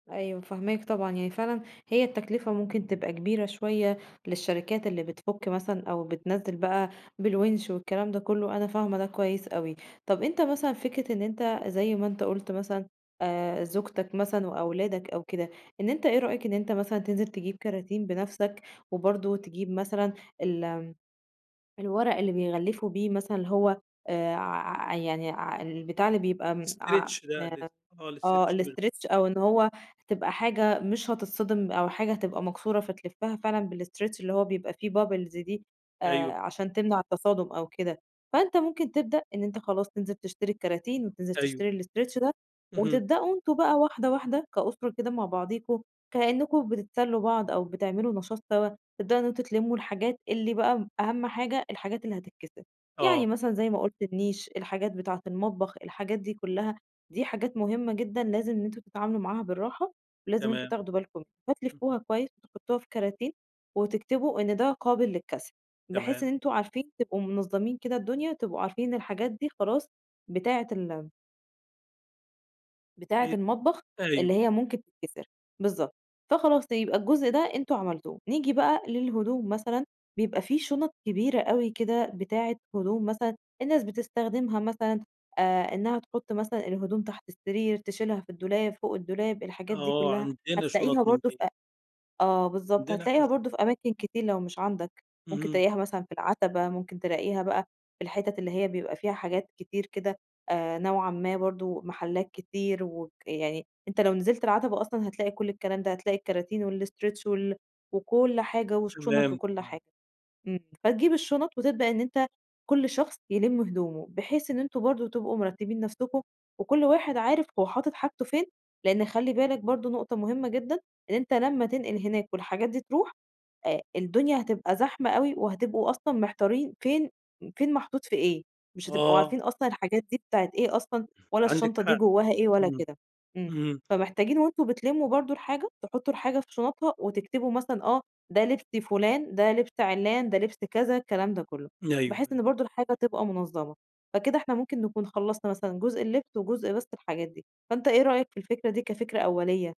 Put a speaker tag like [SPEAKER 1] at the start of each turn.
[SPEAKER 1] أيوه فاهماك طبعًا يعني فعلًا هي التكلفة ممكن تبقى كبيرة شوية للشركات اللي بتفُك مثلًا أو بتنزِّل بقى بالوِنش والكلام ده كلّه، أنا فاهمة ده كويس أوي. طَب أنت مثلًا فكرة إن أنت زي ما أنت قُلت مثلًا آآ، زوجتك مثلًا وأولادك أو كده، إن أنت إيه رأيك إن أنت مثلًا تنزِل تجيب كَراتين بنفسك وبرضه تجيب مثلًا ال الورق اللي بيغلِّفوا بيه مثلًا هو آآ ع يعني ع البتاع اللي بيبقى
[SPEAKER 2] stretch ده ال
[SPEAKER 1] [unintelligible]
[SPEAKER 2] آه،
[SPEAKER 1] آه
[SPEAKER 2] الstretch ال [unintelligible]
[SPEAKER 1] الstretch أو إن هو تبقى حاجة مش هتتصدِم أو حاجة هتبقى مكسورة فتلفَّها فعلًا بالstretch اللي هو بيبقى فيه bubbles دي آآ
[SPEAKER 2] أيوه.
[SPEAKER 1] عشان تمنَع التصادُم أو كده، فأنت ممكن تبدأ إن أنت خلاص تنزِل تشتري الكَراتين وتنزِل
[SPEAKER 2] أيوه.
[SPEAKER 1] تشتري الstretch ده
[SPEAKER 2] اهم.
[SPEAKER 1] وتبدؤوا أنتم بقى وحدة، وحدة كاُسرة كده مع بعضيكم كإنكم بتتسلّوا بعض أو بتعملوا نشاط سوا، تبدؤوا إن أنتم تلمّوا الحاجات اللي بقى أهَم حاجة الحاجات اللي هتتكسِر، يعني
[SPEAKER 2] آه.
[SPEAKER 1] مثلًا زي ما قُلت، النيش، الحاجات بتاعة المطبخ، الحاجات دي كلّها دي حاجات مهمة جدًا لازم إن أنتم تتعاملوا معاها بالرّاحة ولازم أنتم
[SPEAKER 2] تمام.
[SPEAKER 1] تاخدوا بالكم.
[SPEAKER 2] إمم.
[SPEAKER 1] هتلِفّوها كويس وتحطّوها في كَراتين وتكتبوا إن ده قابل للكَسر بحيث
[SPEAKER 2] تمام.
[SPEAKER 1] إن أنتم عارفين تبقوا منظّمِين كده الدنيا، تبقوا عارفين إن الحاجات دي خلاص بتاعة ال بتاعة
[SPEAKER 2] إي
[SPEAKER 1] المطبخ اللي
[SPEAKER 2] أيوه.
[SPEAKER 1] هي ممكن تتكسر. بالضبط. فخلاص يبقى الجزء ده أنتم عملتوه. نيجي بقى للهدوم مثلًا، بيبقى في شُنَط كبيرة أوي كده بتاعة هدوم مثلًا الناس بتستخدمها مثلًا آآ، إنها تحُط مثلًا الهدوم تحت السرير، تشِيلها في الدولاب، فوق الدولاب، الحاجات دي
[SPEAKER 2] آه،
[SPEAKER 1] كلّها،
[SPEAKER 2] عَندنا شُنط
[SPEAKER 1] هتلاقيها
[SPEAKER 2] من
[SPEAKER 1] برضه في
[SPEAKER 2] دي.
[SPEAKER 1] أ آه بالضبط،
[SPEAKER 2] عَندنا إحنا
[SPEAKER 1] هتلاقيها
[SPEAKER 2] شُن
[SPEAKER 1] برضه في أماكن كتير لو مش عَندك، ممكن
[SPEAKER 2] اهم.
[SPEAKER 1] تلاقيها مثلًا في العَتَبة، ممكن تلاقيها بقى في الحِتَت اللي هي بيبقى فيها حاجات كتير كده آآ نوعًا ما برضه، محلّات كتير وك يعني أنت لو نزِلت العَتَبة أصلًا هتلاقي كلّ الكلام ده، هتلاقي الكَراتين والstretch وال وكلّ حاجة والشُّنَط
[SPEAKER 2] تمام،
[SPEAKER 1] وكلّ
[SPEAKER 2] تمام.
[SPEAKER 1] حاجة، إمم، فتجيب الشُّنَط وتبدأ إن أنت كلّ شخص يلِم هدومه بحيث إن أنتم برضه تبقوا مِرتّبين نفسكم وكلّ واحد عارف هو حاطط حاجته فين لأن خلّي بالك برضه نقطة مهمة جدًا إن أنت لما تنقِل هناك والحاجات دي ترُوح آآ، الدنيا هتبقى زحمة أوي وهتبقوا أصلًا محتارين فين فين محطوط في إيه، مش هتبقوا
[SPEAKER 2] آه.
[SPEAKER 1] عارفين أصلًا الحاجات دي بتاعة إيه أصلًا ولا
[SPEAKER 2] عندِك
[SPEAKER 1] الشنطة دي
[SPEAKER 2] حق.
[SPEAKER 1] جوّاها إيه ولا
[SPEAKER 2] إمم،
[SPEAKER 1] كده. إمم،
[SPEAKER 2] إمم.
[SPEAKER 1] فمحتاجين وأنتم بتلِمّوا برضه الحاجة تحطّوا الحاجة في شُنطها وتكتبوا مثلًا، آه ده لِبس فلان، ده لبس عِلّان، ده لِبس كذا، الكلام ده كلّه،
[SPEAKER 2] أيوه،
[SPEAKER 1] بحيث
[SPEAKER 2] أيوه.
[SPEAKER 1] إن برضه الحاجة تبقى منظَّمة فكده إحنا ممكن نكون خلّصنا مثلًا جزء اللِّبس وجزء بس الحاجات دي، فأنت إيه رأيك في الفكرة دي كفكرة أوليّة؟